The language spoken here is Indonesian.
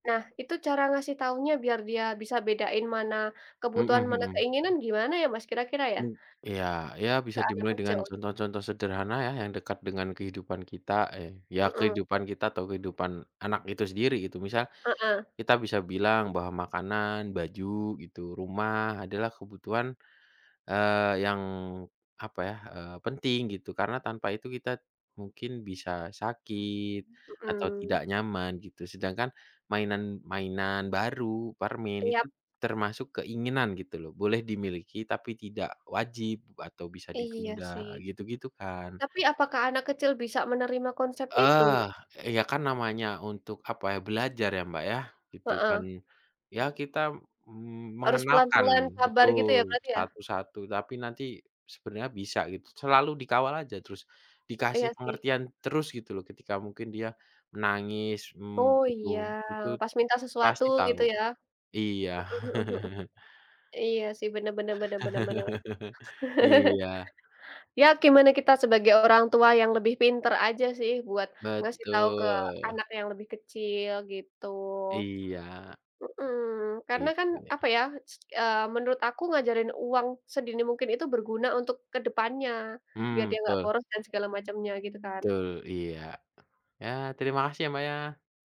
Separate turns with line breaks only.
Nah, itu cara ngasih taunya biar dia bisa bedain mana kebutuhan,
Mhm
mana
mhm.
keinginan gimana, ya, Mas, kira-kira, ya?
Oh, iya, ya,
Ke
bisa
anak
dimulai
kecil
dengan
gitu.
contoh-contoh sederhana, ya, yang dekat dengan kehidupan kita, eh, ya,
Mhm.
kehidupan kita atau kehidupan anak itu sendiri gitu misal,
Heeh.
kita bisa bilang bahwa makanan, baju gitu, rumah adalah kebutuhan, eee, yang apa, ya, eee, penting gitu. Karena tanpa itu kita mungkin bisa sakit atau
Mhm.
tidak nyaman gitu, sedangkan mainan mainan baru, permen
Iya.
itu termasuk keinginan gitu, loh, boleh dimiliki tapi tidak wajib atau bisa
Iya, sih.
ditunda gitu-gitu, kan.
Tapi apakah anak kecil bisa menerima konsep itu?
Eee, ya, kan, namanya untuk apa, ya, belajar, ya, Mbak, yah gitu, kan.
Heeh.
Ya, kita, mmm,
Harus
mengenalkan
pelan-pelan, sabar, gitu, ya,
betul,
berarti, ya?
satu-satu tapi nanti sebenarnya bisa gitu, selalu dikawal aja terus dikasih
Iya, sih.
pengertian terus gitu loh ketika mungkin dia menangis, mmm,
Oh,
butuh
iya.
itut
Pas minta sesuatu
pasti tahu,
gitu ya.
iya.
Heeh heeh heeh. Iya, sih bener bener bener bener bener.
Iya.
Ya, gimana kita sebagai orang tua yang lebih pinter aja, sih, buat ngasih tau ke
Betul.
anak yang lebih kecil gitu.
Iya.
Mhm, karena, kan,
Itu, ya.
apa, ya, s eee, menurut aku ngajarin uang sedini mungkin itu berguna untuk kedepannya, biar
Mmm,
dia gak
betul.
boros dan segala macamnya gitu, kan.
Betul, iya. Ya, terimakasih, ya, Mbak, ya.